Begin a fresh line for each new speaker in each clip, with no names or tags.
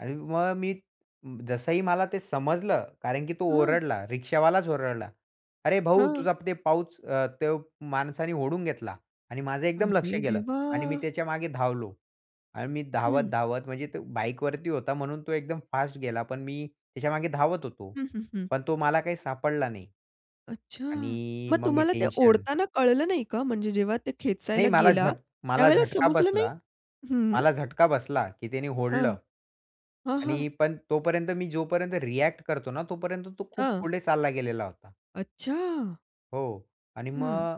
आणि मग मी जसंही मला ते समजलं कारण की तो
हां.
ओरडला. रिक्षावालाच ओरडला "अरे भाऊ
हां.
तुझा ते पाऊच अ, तो माणसाने ओढून घेतला." आणि माझं एकदम लक्ष
अरे
गेलं. आणि मी
देवा!
त्याच्यामागे धावलो. आणि मी
हं.
धावत-धावत म्हणजे तो बाईकवरती होता, म्हणून तो एकदम फास्ट गेला. पण मी त्याच्यामागे धावत होतो.
हं, हं, हं.
पण तो मला काही सापडला नाही
अच्छा.
आणि
मग
मग मी
तुम्हाला ते
टेन्शन
ओढताना कळलं नाही का, म्हणजे जेव्हा ते
नाही
खेचायला
मला
गेला
झट मला
त्यावेळेला
झटका
समजलं नाही?
बसला.
हं.
मला झटका बसला की त्यानी
हां,
ओढलं.
हां, हां.
आणि पण तोपर्यंत मी जोपर्यंत रिएक्ट करतो ना, तोपर्यंत तो खूप
हां.
पुढे चालला गेलेला होता.
अच्छा.
हो. आणि
हं.
मग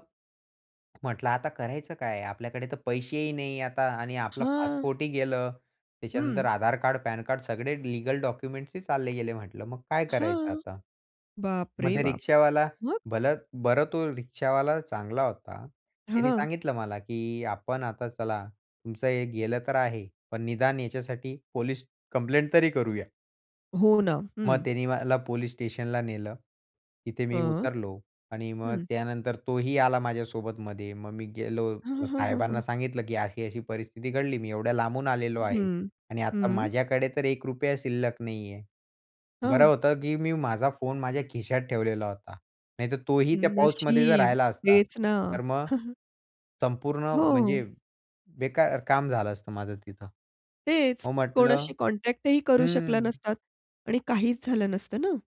म्हटलं आता करायचं काय? आपल्याकडे तर पैसेही नाही आता आणि आपला
हां.
पासपोर्ट ही गेलं. त्याच्यानंतर
हं.
आधार कार्ड, पॅन कार्ड सगळे लीगल डॉक्युमेंट्स ही चालले गेले म्हंटलं. मग काय करायचं
हां.
आता? मग
बापरे
ते
बाप!
रिक्षावाला,
मग?
भलं बरं तो रिक्षावाला चांगला होता. त्याने
हां.
सांगितलं मला की आपण आता चला. तुमचं हे गेलं तर आहे पण निदान याच्यासाठी पोलिस कंप्लेंट तरी करूया.
हो ना.
मग
हं.
त्यांनी मला पोलीस स्टेशनला नेलं. तिथे मी
हां.
उतरलो. आणि मग
हं.
त्यानंतर तोही आला माझ्या सोबत मध्ये. मग मी गेलो
हां, हां, हां, हां,
साहेबांना
हां.
सांगितलं की अशी अशी परिस्थिती घडली. मी एवढ्या लांबून आलेलो आहे.
हं,
आणि आता
हं.
माझ्याकडे तर ₹1 शिल्लक नाहीये. बरं
हां.
होतं की मी माझा फोन माझ्या खिशात ठेवलेला होता. नाहीतर तोही
हं,
त्या पाउचमध्ये जर
नशीब
राहिला असता
तेच ना.
तर मग संपूर्ण म्हणजे
हो.
बेकार काम झालं असतं माझं तिथं.
तेच.
हो म्हंटलं
कोणाशी कॉन्टॅक्ट ही करू शकला
हं.
नसतात. आणि काहीच झालं नसतं ना?